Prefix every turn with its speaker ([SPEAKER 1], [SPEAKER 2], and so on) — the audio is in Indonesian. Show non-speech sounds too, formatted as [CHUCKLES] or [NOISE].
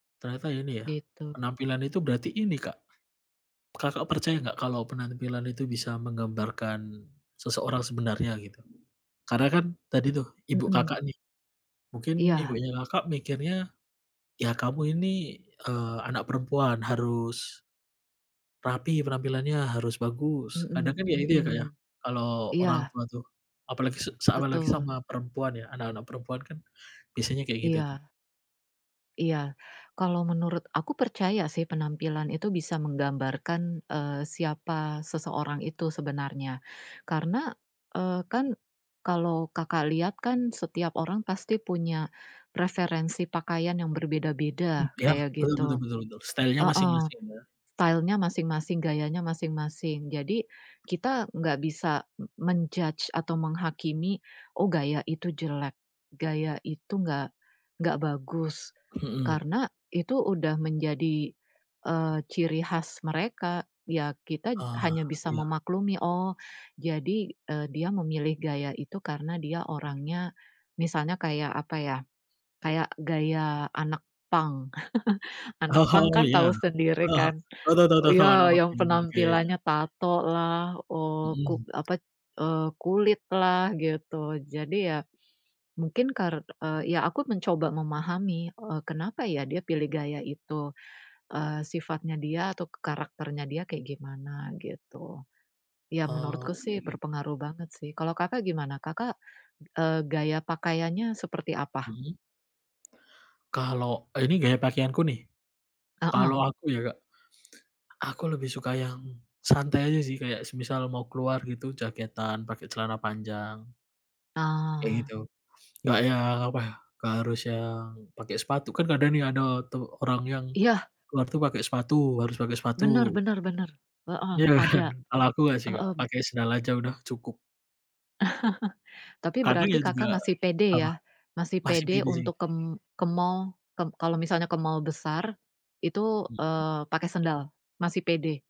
[SPEAKER 1] Ternyata ini ya,
[SPEAKER 2] Gitu.
[SPEAKER 1] penampilan itu berarti ini, Kak, Kakak percaya nggak kalau penampilan itu bisa menggambarkan seseorang sebenarnya, gitu? Karena kan tadi tuh ibu Kakak
[SPEAKER 2] Mhm.
[SPEAKER 1] nih, mungkin
[SPEAKER 2] Iya.
[SPEAKER 1] ibunya Kakak mikirnya, "Ya, kamu ini, eee, anak perempuan harus" "rapi penampilannya, harus bagus", kadang
[SPEAKER 2] Mhm,
[SPEAKER 1] kan ya itu ya, Kak, ya,
[SPEAKER 2] mhm.
[SPEAKER 1] kalau orang
[SPEAKER 2] Iya.
[SPEAKER 1] tua tuh, apalagi se apalagi
[SPEAKER 2] Betul.
[SPEAKER 1] sama perempuan, ya, anak-anak perempuan kan biasanya kayak gitu, tuh.
[SPEAKER 2] Iya. Iya, kalau menurut aku percaya sih penampilan itu bisa menggambarkan, eee, siapa seseorang itu sebenarnya. Karena, eee, kan kalau Kakak liat kan setiap orang pasti punya referensi pakaian yang
[SPEAKER 1] M
[SPEAKER 2] berbeda-beda,
[SPEAKER 1] ya,
[SPEAKER 2] kayak
[SPEAKER 1] betul betul
[SPEAKER 2] gitu.
[SPEAKER 1] betul, style-nya
[SPEAKER 2] Heeh.
[SPEAKER 1] masing-masing, ya.
[SPEAKER 2] Style-nya masing-masing, gayanya masing-masing. Jadi kita gak bisa men-judge atau menghakimi, Oh, gaya itu jelek, gaya itu nggak nggak bagus".
[SPEAKER 1] Mhm.
[SPEAKER 2] Karena, itu udah menjadi, eee, ciri khas mereka. Ya, kita
[SPEAKER 1] Oh,
[SPEAKER 2] hanya bisa
[SPEAKER 1] iya.
[SPEAKER 2] memaklumi, "Oh, jadi, eee, dia memilih gaya itu karena dia orangnya misalnya kayak, apa ya, kayak gaya anak punk. [CHUCKLES] Anak punk
[SPEAKER 1] Oh,
[SPEAKER 2] kan
[SPEAKER 1] iya.
[SPEAKER 2] tahu sendiri
[SPEAKER 1] [CHUCKLES]
[SPEAKER 2] kan.
[SPEAKER 1] Tau tau tau, anak
[SPEAKER 2] Ya
[SPEAKER 1] punk
[SPEAKER 2] yang
[SPEAKER 1] kayak gimana, oke, iya.
[SPEAKER 2] penampilannya tato lah, eee, kuk
[SPEAKER 1] Mhm.
[SPEAKER 2] apa, eee kulit lah, gitu. Jadi ya, mungkin kar ya, aku mencoba memahami kenapa ya dia pilih gaya itu, eee, sifatnya dia atau karakternya dia kayak gimana, gitu. Ya menurutku
[SPEAKER 1] Oh, oke
[SPEAKER 2] sih
[SPEAKER 1] oke.
[SPEAKER 2] berpengaruh banget, sih. Kalau Kakak gimana? Kakak, eee, gaya pakaiannya seperti apa?
[SPEAKER 1] Mhm. Kalau ini gaya pakaianku nih? Kalau
[SPEAKER 2] Heeh.
[SPEAKER 1] aku ya Kak, aku lebih suka yang santai aja sih, kayak semisal mau keluar gitu, jaketan pakai celana panjang. Kayak
[SPEAKER 2] Ah.
[SPEAKER 1] gitu, nggak yang, apa, nggak harus yang pakai sepatu, kan kadang ada tuh orang yang
[SPEAKER 2] Iya.
[SPEAKER 1] keluar tuh pake sepatu, harus pake sepatu
[SPEAKER 2] Bener bener bener, heeh,
[SPEAKER 1] Iya kan,
[SPEAKER 2] ada,
[SPEAKER 1] kalau aku nggak sih, Kak,
[SPEAKER 2] heeh.
[SPEAKER 1] pake sendal aja udah cukup.
[SPEAKER 2] [CHUCKLES] Tapi
[SPEAKER 1] Kadang
[SPEAKER 2] berarti
[SPEAKER 1] ya juga
[SPEAKER 2] Kakak masih pede
[SPEAKER 1] apa?
[SPEAKER 2] ya? Masih
[SPEAKER 1] Masih
[SPEAKER 2] pede
[SPEAKER 1] pede sih.
[SPEAKER 2] untuk ke ke mall. Ka kalau misalnya ke mall besar itu,
[SPEAKER 1] Mhm.
[SPEAKER 2] eee, pakai sendal, masih pede.